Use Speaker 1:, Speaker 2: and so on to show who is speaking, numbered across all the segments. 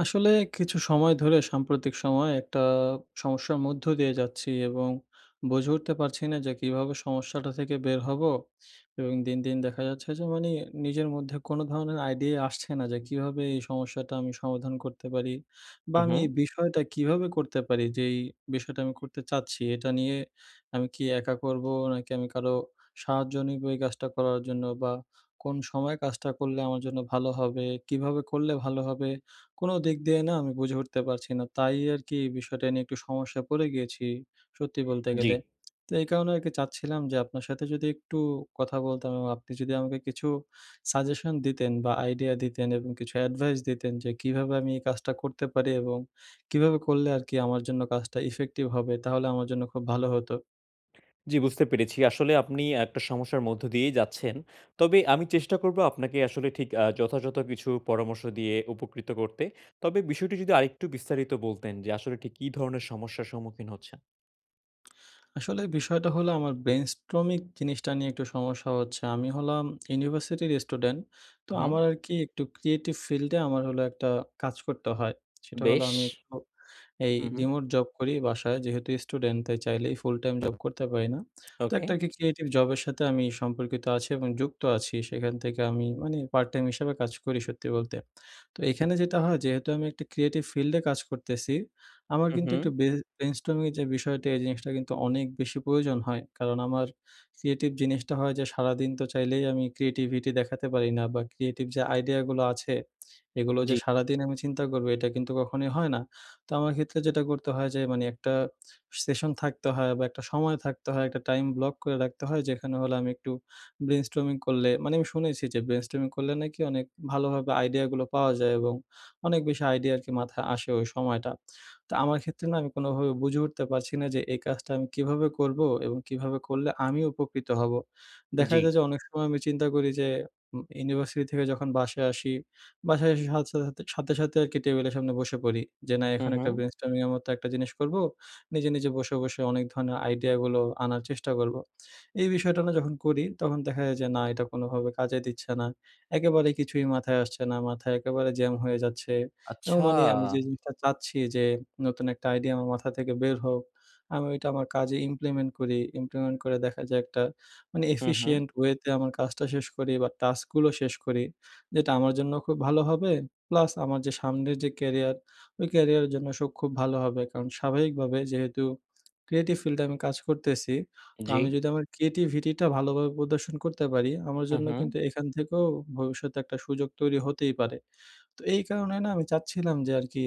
Speaker 1: আসলে কিছু সময় ধরে সাম্প্রতিক সময়ে একটা সমস্যার মধ্য দিয়ে যাচ্ছি এবং বুঝে উঠতে পারছি না যে কীভাবে সমস্যাটা থেকে বের হবো? এবং দিন, দিন দেখা যাচ্ছে যে মানি নিজের মধ্যে কোনো ধরনের আইডিয়া আসছে না। যে কীভাবে এই সমস্যাটা আমি সমাধান করতে পারি। বা
Speaker 2: হু,
Speaker 1: আমি এই
Speaker 2: হুম।
Speaker 1: বিষয়টা কীভাবে করতে পারি। যে এই বিষয়টা আমি করতে চাচ্ছি এটা নিয়ে আমি কি একা করবো? নাকি আমি কারও সাহায্য নিবো এই কাজটা করার জন্য? বা কোন সময়ে কাজটা করলে আমার জন্য ভালো হবে? কীভাবে করলে ভালো হবে? কোন দিক দিয়ে না আমি বুঝে উঠতে পারছি না। তাই আর কি বিষয়টা নিয়ে একটু সমস্যা পড়ে গিয়েছি সত্যি বলতে গেলে।
Speaker 2: জি।
Speaker 1: তো এই কারণে আর কি চাচ্ছিলাম যে আপনার সাথে যদি একটু কথা বলতাম এবং আপনি যদি আমাকে কিছু সাজেশন দিতেন বা আইডিয়া দিতেন এবং কিছু অ্যাডভাইস দিতেন যে কীভাবে আমি এই কাজটা করতে পারি এবং কীভাবে করলে আর কি আমার জন্য কাজটা ইফেক্টিভ হবে? তাহলে আমার জন্য খুব ভালো হতো।
Speaker 2: জি বুঝতে পেরেছি। আসলে আপনি একটা সমস্যার মধ্য দিয়েই যাচ্ছেন। তবে আমি চেষ্টা করবো আপনাকে আসলে ঠিক আ যথাযথ কিছু পরামর্শ দিয়ে উপকৃত করতে। তবে বিষয়টি যদি আরেকটু বিস্তারিত বলতেন যে আসলে ঠিক কী ধরনের সমস্যার সম্মুখীন হচ্ছেন?
Speaker 1: আসলে বিষয়টা হলো আমার brainstorming জিনিসটা নিয়ে একটু সমস্যা হচ্ছে। আমি হলাম ইউনিভার্সিটির স্টুডেন্ট। তো
Speaker 2: হু, হু।
Speaker 1: আমার আরকি একটু creative field এ আমার হলো একটা কাজ করতে হয়। সেটা হলো
Speaker 2: বেশ।
Speaker 1: আমি একটু এই
Speaker 2: হু, হু।
Speaker 1: remote job করি বাসায়। যেহেতু স্টুডেন্ট তাই চাইলেই full time job করতে পারি না। তো
Speaker 2: ওকে।
Speaker 1: একটা কি creative job এর সাথে আমি সম্পর্কিত আছি এবং যুক্ত আছি। সেখান থেকে আমি মানে part time হিসাবে কাজ করি সত্যি বলতে। তো এখানে যেটা হয় যেহেতু আমি একটা creative field এ কাজ করতেছি, আমার
Speaker 2: হু,
Speaker 1: কিন্তু একটু
Speaker 2: হু।
Speaker 1: ব্রে brainstorming এর যে বিষয়টা, এই জিনিসটা কিন্তু অনেক বেশি প্রয়োজন হয়। কারণ আমার creative জিনিসটা হয় যে সারাদিন তো চাইলেই আমি creativity দেখাতে পারি না বা, creative যে idea গুলো আছে, এগুলো যে
Speaker 2: জ্বি।
Speaker 1: সারাদিন আমি চিন্তা করবো এটা কিন্তু কখনোই হয় না। তো আমার ক্ষেত্রে যেটা করতে হয় যে, মানে একটা session থাকতে হয় বা, একটা সময় থাকতে হয়। একটা time block করে রাখতে হয়। যেখানে হলো আমি একটু brainstorming করলে মানে আমি শুনেছি যে brainstorming করলে নাকি অনেক ভালোভাবে idea গুলো পাওয়া যায় এবং অনেক বেশি idea আরকি মাথায় আসে ওই সময়টা। তো আমার ক্ষেত্রে না আমি কোনোভাবে বুঝে উঠতে পারছি না যে এই কাজটা আমি কীভাবে করবো এবং কীভাবে করলে আমি উপকৃত হব? দেখা
Speaker 2: জ্বি।
Speaker 1: যায় যে অনেক সময় আমি চিন্তা করি যে উম ইউনিভার্সিটি থেকে যখন বাসায় আসি, বাসায় এসে সাথ সাথে সাথে, সাথে আরকি টেবিলের সামনে বসে পড়ি যে, না,
Speaker 2: হু,
Speaker 1: এখন একটা
Speaker 2: হু।
Speaker 1: brainstorming এর মতো একটা জিনিস করবো। নিজে, নিজে বসে, বসে অনেক ধরনের idea গুলো আনার চেষ্টা করবো। এই বিষয়টা না যখন করি তখন দেখা যায় যে, না, এটা কোনোভাবে কাজে দিচ্ছে না। একেবারে কিছুই মাথায় আসছে না, মাথায় একেবারে jam হয়ে যাচ্ছে এবং
Speaker 2: আচ্ছা।
Speaker 1: মানি আমি যে জিনিসটা চাচ্ছি যে নতুন একটা idea আমার মাথা থেকে বের হোক, আমি ওইটা আমার কাজে implement করি। implement করে দেখা যায় একটা মানে
Speaker 2: হু, হু।
Speaker 1: efficient way তে আমার কাজটা শেষ করি বা, task গুলো শেষ করি। যেটা আমার জন্য খুব ভালো হবে। Plus আমার যে সামনের যে career, ওই career, এর জন্য সব খুব ভালো হবে। কারণ, স্বাভাবিকভাবে যেহেতু creative field এ আমি কাজ করতেছি। তো
Speaker 2: জ্বি।
Speaker 1: আমি যদি আমার creativity টা ভালোভাবে প্রদর্শন করতে পারি, আমার
Speaker 2: হুম,
Speaker 1: জন্য
Speaker 2: হু।
Speaker 1: কিন্তু এখান থেকেও ভবিষ্যতে একটা সুযোগ তৈরি হতেই পারে। তো এই কারণে না আমি চাচ্ছিলাম যে আরকি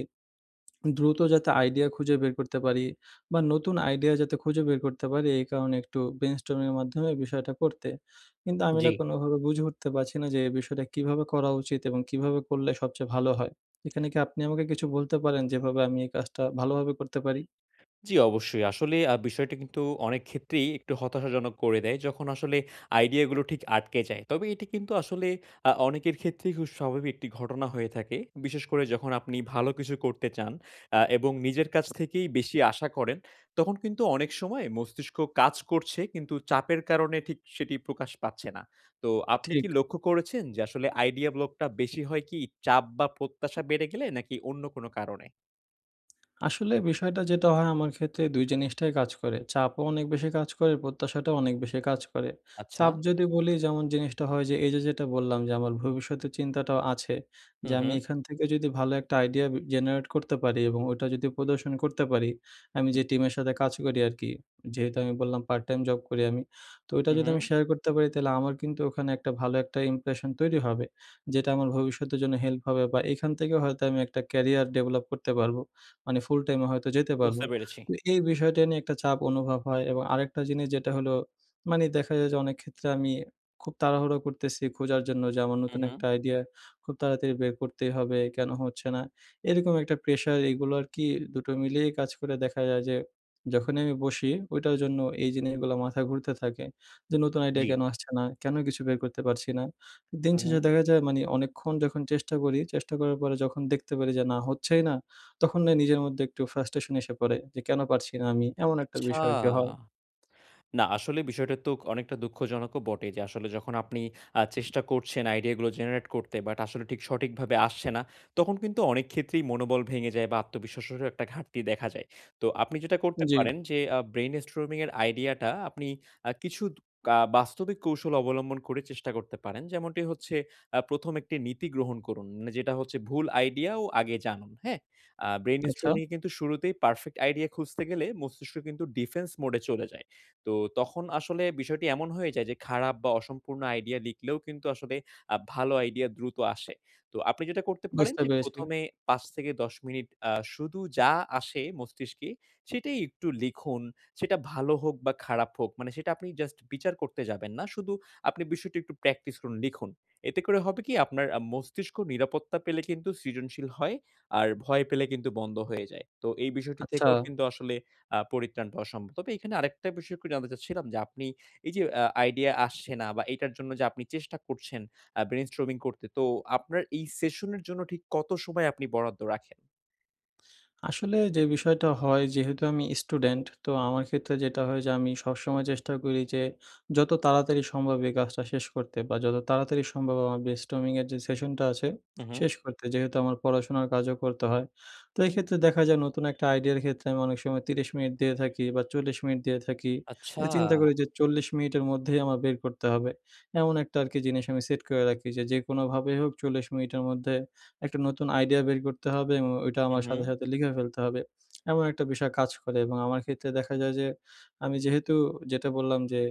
Speaker 1: দ্রুত যাতে idea খুঁজে বের করতে পারি বা, নতুন idea যাতে খুঁজে বের করতে পারি। এই কারণে একটু brainstorming এর মাধ্যমে বিষয়টা করতে। কিন্তু আমি না
Speaker 2: জ্বি।
Speaker 1: কোনোভাবে বুঝে উঠতে পারছি না যে, এই বিষয়টা কীভাবে করা উচিত এবং কীভাবে করলে সবচেয়ে ভালো হয়। এখানে কি আপনি আমাকে কিছু বলতে পারেন, যেভাবে আমি এই কাজটা ভালোভাবে করতে পারি?
Speaker 2: জি, অবশ্যই। আসলে আ বিষয়টা কিন্তু অনেক ক্ষেত্রেই একটু হতাশাজনক করে দেয়। যখন আসলে idea গুলো ঠিক আটকে যায়। তবে এটি কিন্তু আসলে আ অনেকের ক্ষেত্রেই খুব স্বাভাবিক একটি ঘটনা হয়ে থাকে। বিশেষ করে যখন আপনি ভালো কিছু করতে চান অ্যা এবং নিজের কাছ থেকেই বেশি আশা করেন, তখন কিন্তু অনেক সময় মস্তিষ্ক কাজ করছে কিন্তু চাপের কারণে ঠিক সেটি প্রকাশ পাচ্ছে না। তো আপনি
Speaker 1: ঠিক।
Speaker 2: কি লক্ষ্য করেছেন যে আসলে idea block টা বেশি হয় কি চাপ বা প্রত্যাশা বেড়ে গেলে, নাকি অন্য কোনো কারণে?
Speaker 1: আসলে বিষয়টা যেটা হয় আমার ক্ষেত্রে ২ জিনিসটাই কাজ করে। চাপও অনেক বেশি কাজ করে, প্রত্যাশাটাও অনেক বেশি কাজ করে।
Speaker 2: আচ্ছা।
Speaker 1: চাপ যদি বলি যেমন জিনিসটা হয় যে এই যে যেটা বললাম যে আমার ভবিষ্যতের চিন্তাটাও আছে।
Speaker 2: হু,
Speaker 1: যে আমি
Speaker 2: হু।
Speaker 1: এখান থেকে যদি ভালো একটা idea generate করতে পারি এবং ওটা যদি প্রদর্শন করতে পারি, আমি
Speaker 2: উম।
Speaker 1: যে টিমের সাথে কাজ করি আর কি, যেহেতু আমি বললাম পার্ট টাইম জব করি আমি, তো ওইটা যদি আমি
Speaker 2: উহুম।
Speaker 1: শেয়ার করতে পারি তাহলে আমার কিন্তু ওখানে একটা ভালো একটা impression তৈরি হবে, যেটা আমার ভবিষ্যতের জন্য help হবে বা এখান থেকে হয়তো আমি একটা career develop করতে পারবো। মানে full-time এ হয়তো যেতে পারবো।
Speaker 2: বুঝতে পেরেছি।
Speaker 1: তো এই বিষয়টা নিয়ে একটা চাপ অনুভব হয় এবং আরেকটা জিনিস যেটা হলো, মানে দেখা যায় যে অনেক ক্ষেত্রে আমি খুব তাড়াহুড়া করতেছি খোঁজার জন্য যে আমার নতুন একটা
Speaker 2: উহুম।
Speaker 1: idea খুব তাড়াতাড়ি বের করতেই হবে, কেন হচ্ছে না, এরকম একটা প্রেশার এগুলো আর কি দুটো মিলিয়ে কাজ করে দেখা যায় যে যখনই আমি বসি, ওইটার জন্য এই জিনিসগুলো মাথা ঘুরতে থাকে, যে নতুন আইডিয়া
Speaker 2: জি।
Speaker 1: কেন আসছে না, কেন কিছু বের করতে পারছি না। দিন
Speaker 2: হু,
Speaker 1: শেষে
Speaker 2: হু।
Speaker 1: দেখা যায় মানে অনেকক্ষণ যখন চেষ্টা করি, চেষ্টা করার পরে যখন দেখতে পারি যে না হচ্ছেই না, তখন না নিজের মধ্যে একটু frustration এসে পড়ে, যে কেন পারছি না আমি, এমন একটা
Speaker 2: আচ্ছা।
Speaker 1: বিষয় আরকি হয়।
Speaker 2: না আসলে বিষয়টা তো অনেকটা দুঃখজনকও বটে। যে আসলে যখন আপনি আ চেষ্টা করছেন idea গুলো generate করতে but আসলে ঠিক সঠিকভাবে আসছে না, তখন কিন্তু অনেক ক্ষেত্রেই মনোবল ভেঙে যায় বা আত্মবিশ্বাসেরও একটা ঘাটতি দেখা যায়। তো আপনি যেটা করতে
Speaker 1: জি।
Speaker 2: পারেন যে আ brain-storming এর idea টা আপনি আ কিছু আ বাস্তবিক কৌশল অবলম্বন করে চেষ্টা করতে পারেন। যেমনটি হচ্ছে আ ১ম একটি নীতি গ্রহণ করুন, যেটা হচ্ছে ভুল idea ও আগে জানুন। হ্যাঁ? আ
Speaker 1: আচ্ছা।
Speaker 2: brain-storming এ কিন্তু শুরুতেই perfect idea খুঁজতে গেলে মস্তিষ্ক কিন্তু defense mode এ চলে যায়। তো তখন আসলে বিষয়টি এমন হয়ে যায় যে খারাপ বা অসম্পূর্ণ idea লিখলেও কিন্তু আসলে আ ভালো idea দ্রুত আসে। তো আপনি যেটা করতে পারেন
Speaker 1: বুঝতে
Speaker 2: যে
Speaker 1: পেরেছি।
Speaker 2: প্রথমে ৫-১০ মিনিট আ শুধু যা আসে মস্তিষ্কে সেটাই একটু লিখুন। সেটা ভালো হোক বা খারাপ হোক, মানে সেটা আপনি just বিচার করতে যাবেন না। শুধু আপনি বিষয়টি একটু practice করুন, লিখুন। এতে করে হবে কি আপনার মস্তিষ্ক নিরাপত্তা পেলে কিন্তু সৃজনশীল হয়, আর ভয় পেলে কিন্তু বন্ধ হয়ে যায়। তো এই বিষয়টি
Speaker 1: আচ্ছা।
Speaker 2: থেকেও কিন্তু আসলে আ পরিত্রাণ পাওয়া সম্ভব। তবে এইখানে আরেকটা বিষয় একটু জানতে চাচ্ছিলাম যে আপনি এই যে আ idea আসছে না বা এইটার জন্য যে আপনি চেষ্টা করছেন আ brain-storming করতে, তো আপনার এই session এর জন্য ঠিক কতো সময় আপনি বরাদ্দ রাখেন?
Speaker 1: আসলে, যে বিষয়টা হয় যেহেতু আমি স্টুডেন্ট, তো আমার ক্ষেত্রে যেটা হয় যে আমি সবসময় চেষ্টা করি যে যত তাড়াতাড়ি সম্ভব এই কাজটা শেষ করতে বা, যত তাড়াতাড়ি সম্ভব আমার brainstorming এর যে session টা আছে
Speaker 2: হু, হু।
Speaker 1: শেষ করতে। যেহেতু আমার পড়াশোনার কাজও করতে হয়। তো এইক্ষেত্রে দেখা যায় নতুন একটা idea র ক্ষেত্রে আমি অনেক সময় ৩০ মিনিট দিয়ে থাকি বা, ৪০ মিনিট দিয়ে থাকি।
Speaker 2: আচ্ছা।
Speaker 1: যে চিন্তা করি যে ৪০ মিনিটের মধ্যেই আমার বের করতে হবে, এমন একটা আরকি জিনিস আমি set করে রাখি যে, যে কোনোভাবেই হোক ৪০ মিনিটের মধ্যে একটা নতুন idea বের করতে হবে এবং ওইটা
Speaker 2: হু,
Speaker 1: আমার সাথে,
Speaker 2: হু।
Speaker 1: সাথে লিখে ফেলতে হবে। এমন একটা বিষয় কাজ করে এবং আমার ক্ষেত্রে দেখা যায় যে আমি যেহেতু যেটা বললাম যে,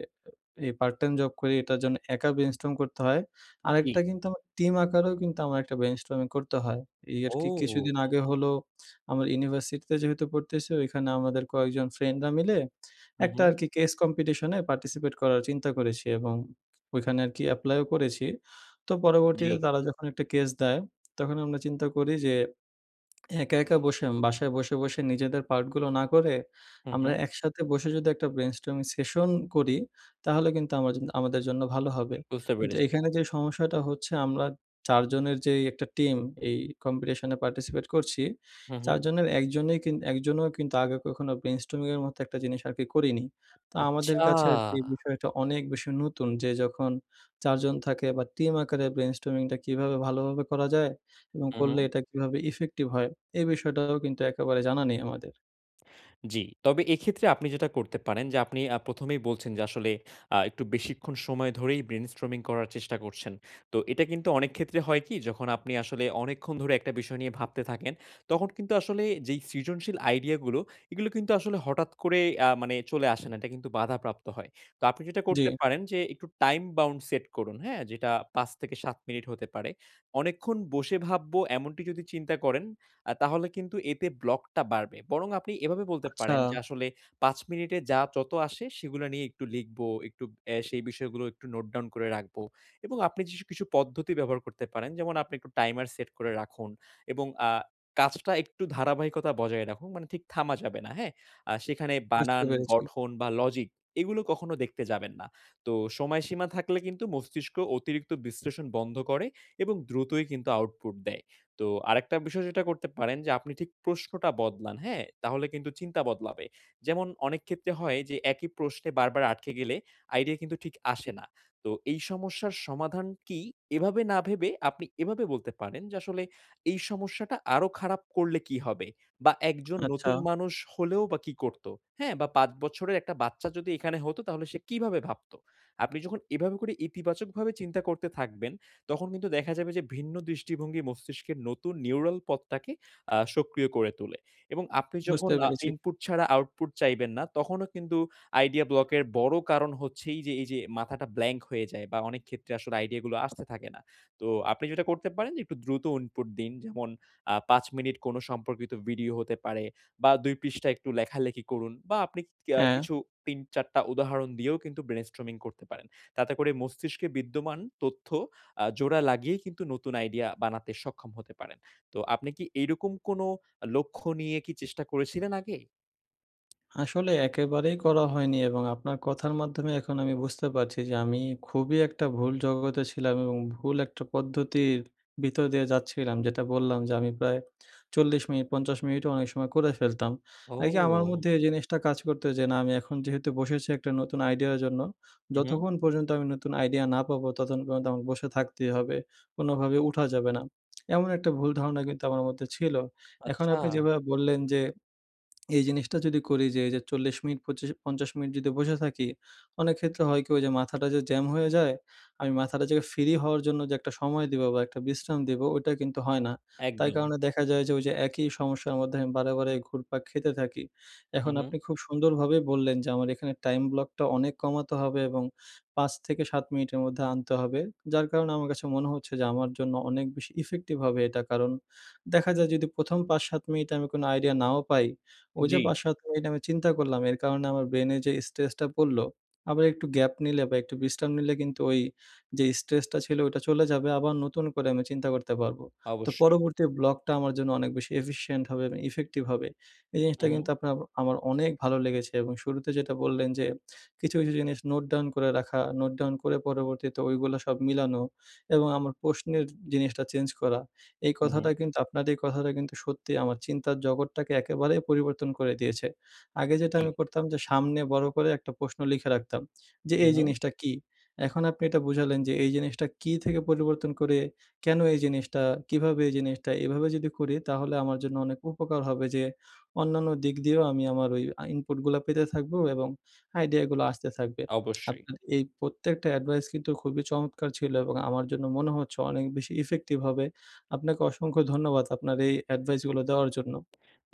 Speaker 1: এ এই part time job করি। এটার জন্য একা brainstorm করতে হয়।
Speaker 2: জি।
Speaker 1: আরেকটা কিন্তু আমার টিম আকারেও কিন্তু আমার একটা brainstorming করতে হয়। এই আরকি
Speaker 2: ও!
Speaker 1: কিছুদিন আগে হল আমার ইউনিভার্সিটিতে যেহেতু পড়তেছি ওইখানে আমাদের কয়েকজন ফ্রেন্ডরা মিলে
Speaker 2: হু,
Speaker 1: একটা
Speaker 2: হু।
Speaker 1: আরকি case competition এ participate করার চিন্তা করেছি এবং ওইখানে আরকি apply ও করেছি। তো
Speaker 2: জি।
Speaker 1: পরবর্তীতে তারা যখন একটা case দেয়, তখন আমরা চিন্তা করি যে একা, একা বসে উম বাসায় বসে, বসে নিজেদের part গুলো না করে,
Speaker 2: হু,
Speaker 1: আমরা
Speaker 2: হু।
Speaker 1: একসাথে বসে যদি একটা brainstorming session করি, তাহলে কিন্তু আমার আমাদের জন্য ভালো হবে।
Speaker 2: বুঝতে
Speaker 1: কিন্তু
Speaker 2: পেরেছি।
Speaker 1: এখানে যে সমস্যাটা হচ্ছে আমরা ৪ জনের যেই একটা টিম এই competition এ participate করছি।
Speaker 2: হু,
Speaker 1: ৪
Speaker 2: হু।
Speaker 1: জনের ১ জনই ১ জনও কিন্তু আগে কখনো brainstorming এর মতো একটা জিনিস আরকি করিনি। তো আমাদের
Speaker 2: আচ্ছা।
Speaker 1: কাছে আর কি বিষয়টা অনেক বেশি নতুন যে যখন ৪ জন থাকে বা, টিম আকারে brainstorming টা কীভাবে ভালোভাবে করা যায় এবং
Speaker 2: হু,
Speaker 1: করলে
Speaker 2: হু।
Speaker 1: এটা কীভাবে effective হয়? এই বিষয়টাও কিন্তু একেবারে জানা নেই আমাদের।
Speaker 2: জি। তবে এক্ষেত্রে আপনি যেটা করতে পারেন যে আপনি প্রথমেই বলছেন যে আসলে আ একটু বেশিক্ষণ সময় ধরেই ব্রেইনস্টর্মিং করার চেষ্টা করছেন। তো এটা কিন্তু অনেক ক্ষেত্রে হয় কি যখন আপনি আসলে অনেকক্ষণ ধরে, একটা বিষয় নিয়ে ভাবতে থাকেন, তখন কিন্তু আসলে যেই সৃজনশীল আইডিয়া গুলো, এগুলো কিন্তু আসলে হঠাৎ করে আ মানে চলে আসে না। এটা কিন্তু বাধাপ্রাপ্ত হয়। তো আপনি যেটা করতে
Speaker 1: জি।
Speaker 2: পারেন যে, একটু টাইম বাউন্ড সেট করুন। হ্যাঁ? যেটা ৫ থেকে ৭ মিনিট হতে পারে। অনেকক্ষণ বসে ভাবব এমনটি যদি চিন্তা করেন, আ তাহলে কিন্তু এতে ব্লক টা বাড়বে। বরং আপনি এভাবে বলতে পারেন যে
Speaker 1: আচ্ছা।
Speaker 2: আসলে ৫ মিনিটে যা, যত আসে সেগুলো নিয়ে একটু লিখবো অ্যা সেই বিষয়গুলো একটু নোট ডাউন করে রাখবো এবং আপনি জিশু কিছু পদ্ধতি ব্যবহার করতে পারেন যেমন আপনি একটু টাইমার সেট করে রাখুন এবং আ কাজটা একটু ধারাবাহিকতা বজায় রাখুন। মানে ঠিক থামা যাবে না। হ্যাঁ? আ সেখানে
Speaker 1: বুঝতে
Speaker 2: বানান
Speaker 1: পেরেছি।
Speaker 2: গঠন বা লজিক এগুলো কখনো দেখতে যাবেন না। তো সময়সীমা থাকলে কিন্তু মস্তিষ্ক অতিরিক্ত বিশ্লেষণ বন্ধ করে এবং দ্রুতই কিন্তু আউটপুট দেয়। তো আরেকটা বিষয় যেটা করতে পারেন যে আপনি ঠিক প্রশ্নটা বদলান। হ্যাঁ তাহলে কিন্তু চিন্তা বদলাবে। যেমন অনেক ক্ষেত্রে হয় যে একই প্রশ্নে বারবার আটকে গেলে আইডিয়া কিন্তু ঠিক আসে না। তো এই সমস্যার সমাধান কি? এভাবে না ভেবে আপনি এভাবে বলতে পারেন যে, আসলে এই সমস্যাটা আরো খারাপ করলে কি হবে? বা একজন
Speaker 1: আচ্ছা।
Speaker 2: নতুন মানুষ হলেও বা কি করতো? হ্যাঁ বা ৫ বছরের একটা বাচ্চা যদি এখানে হতো তাহলে সে কিভাবে ভাবতো। আপনি যখন এভাবে করে ইতিবাচকভাবে চিন্তা করতে থাকবেন, তখন কিন্তু দেখা যাবে যে ভিন্ন দৃষ্টিভঙ্গি মস্তিষ্কের নতুন নিউরাল পথটাকে আ সক্রিয় করে তোলে এবং আপনি
Speaker 1: বুঝতে
Speaker 2: যখন আ
Speaker 1: পেরেছি।
Speaker 2: ইনপুট ছাড়া আউটপুট চাইবেন না, তখনও কিন্তু আইডিয়া ব্লক এর বড় কারণ হচ্ছে এইযে, এইযে মাথাটা ব্ল্যাংক হয়ে যায় বা অনেক ক্ষেত্রে আসলে আইডিয়া গুলো আসতে থাকে না। তো আপনি যেটা করতে পারেন একটু দ্রুত ইনপুট দিন যেমন আ ৫ মিনিট কোন সম্পর্কিত ভিডিও হতে পারে বা ২ পৃষ্ঠায় একটু লেখালেখি করুন বা আপনি কে
Speaker 1: হ্যাঁ।
Speaker 2: কিছু ৩-৪ টা উদাহরণ দিয়েও কিন্তু ব্রেইনস্টর্মিং করতে পারেন। তাতে করে মস্তিষ্কে বিদ্যমান তথ্য আ জোড়া লাগিয়ে কিন্তু নতুন আইডিয়া বানাতে সক্ষম হতে পারেন। তো আপনি কি এইরকম কোন লক্ষ্য নিয়ে কি চেষ্টা করেছিলেন আগে?
Speaker 1: আসলে একেবারেই করা হয়নি এবং আপনার কথার মাধ্যমে এখন আমি বুঝতে পারছি যে, আমি খুবই একটা ভুল জগতে ছিলাম এবং ভুল একটা পদ্ধতির ভিতর দিয়ে যাচ্ছিলাম। যেটা বললাম যে আমি প্রায় ৪০ মিনিট, ৫০ মিনিটও অনেক সময় করে ফেলতাম। এই যে আমার
Speaker 2: ও।
Speaker 1: মধ্যে এই জিনিসটা কাজ করতো যে না আমি এখন যেহেতু বসেছি একটা নতুন আইডিয়ার জন্য,
Speaker 2: উ, হু।
Speaker 1: যতক্ষণ পর্যন্ত আমি নতুন আইডিয়া না পাবো ততক্ষণ পর্যন্ত আমাকে বসে থাকতেই হবে, কোনোভাবে উঠা যাবে না। এমন একটা ভুল ধারণা কিন্তু আমার মধ্যে ছিল, এখন
Speaker 2: আচ্ছা।
Speaker 1: আপনি যেভাবে বললেন যে, এই জিনিসটা যদি করি যে, এইযে ৪০ মিনিট ২৫ ৫০ মিনিট যদি বসে থাকি, অনেক ক্ষেত্রে হয় কি ওই যে মাথাটা যে জ্যাম হয়ে যায়, আমি মাথাটা যে ফ্রি হওয়ার জন্য যে একটা সময় দিবো বা একটা বিশ্রাম দিবো ওইটা কিন্তু হয় না। তাই
Speaker 2: একদম।
Speaker 1: কারণে দেখা যায় যে ওই যে একই সমস্যার মধ্যে আমি বারে, বারে ঘুরপাক খেতে থাকি।
Speaker 2: উ,
Speaker 1: এখন আপনি
Speaker 2: হু।
Speaker 1: খুব সুন্দরভাবে বললেন যে, আমার এখানে টাইম ব্লকটা অনেক কমাতে হবে এবং ৫ থেকে ৭ মিনিটের মধ্যে আনতে হবে, যার কারণে আমার কাছে মনে হচ্ছে যে আমার জন্য অনেক বেশি ইফেক্টিভ হবে এটা কারণ দেখা যায় যদি প্রথম ৫-৭ মিনিট আমি কোন আইডিয়া নাও পাই, ওই যে
Speaker 2: জি।
Speaker 1: ৫-৭ মিনিট আমি চিন্তা করলাম। এর কারণে আমার ব্রেইনে যে স্ট্রেস টা পড়লো, আবার একটু গ্যাপ নিলে বা একটু বিশ্রাম নিলে কিন্তু ওই যে স্ট্রেসটা ছিল ওটা চলে যাবে আবার নতুন করে আমি চিন্তা করতে পারবো। তো
Speaker 2: অবশ্যই।
Speaker 1: পরবর্তী ব্লকটা আমার জন্য অনেক বেশি efficient হবে এবং ইফেক্টিভ হবে। এই
Speaker 2: হু,
Speaker 1: জিনিসটা কিন্তু
Speaker 2: হু।
Speaker 1: আপনার আমার অনেক ভালো লেগেছে এবং শুরুতে যেটা বললেন যে কিছু, কিছু জিনিস নোট ডাউন করে রাখা, নোট ডাউন করে পরবর্তীতে ওইগুলো সব মিলানো এবং আমার প্রশ্নের জিনিসটা চেঞ্জ করা। এই
Speaker 2: হু,
Speaker 1: কথাটা
Speaker 2: হু।
Speaker 1: কিন্তু আপনার এই কথাটা কিন্তু সত্যি আমার চিন্তার জগৎটাকে একেবারে পরিবর্তন করে দিয়েছে। আগে যেটা
Speaker 2: জি।
Speaker 1: আমি করতাম যে সামনে বড় করে একটা প্রশ্ন লিখে রাখতাম। যে
Speaker 2: উ,
Speaker 1: এই
Speaker 2: হু।
Speaker 1: জিনিসটা কী? এখন আপনি এটা বুঝালেন যে, এই জিনিসটা কী থেকে পরিবর্তন করে 'কেন এই জিনিসটা', 'কিভাবে এই জিনিসটা' এভাবে যদি করি তাহলে আমার জন্য অনেক উপকার হবে যে অন্যান্য দিক দিয়েও আমি আমার ওই আ ইনপুট গুলো পেতে থাকবো এবং আইডিয়া গুলো আসতে থাকবে।
Speaker 2: অবশ্যই।
Speaker 1: আপনার এই প্রত্যেকটা এডভাইস কিন্তু খুবই চমৎকার ছিল এবং আমার জন্য মনে হচ্ছে অনেক বেশি ইফেক্টিভ হবে। আপনাকে অসংখ্য ধন্যবাদ আপনার এই এডভাইস গুলো দেওয়ার জন্য।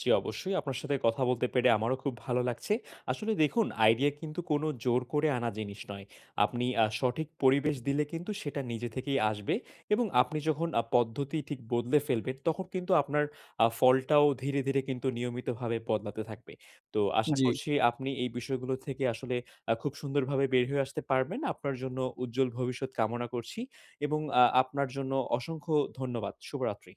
Speaker 2: জি, অবশ্যই। আপনার সাথে কথা বলতে পেরে আমারও খুব ভালো লাগছে। আসলে দেখুন আইডিয়া কিন্তু কোন জোর করে আনা জিনিস নয়। আপনি আ সঠিক পরিবেশ দিলে কিন্তু সেটা নিজে থেকেই আসবে। এবং আপনি যখন আ পদ্ধতি ঠিক বদলে ফেলবেন তখন কিন্তু আপনার আ ফলটাও ধীরে, ধীরে কিন্তু নিয়মিতভাবে বদলাতে থাকবে। তো আশা
Speaker 1: জি।
Speaker 2: করছি আপনি এই বিষয়গুলো থেকে আসলে আ খুব সুন্দরভাবে বের হয়ে আসতে পারবেন। আপনার জন্য উজ্জ্বল ভবিষ্যৎ কামনা করছি। এবং আ আপনার জন্য অসংখ্য ধন্যবাদ। শুভরাত্রি।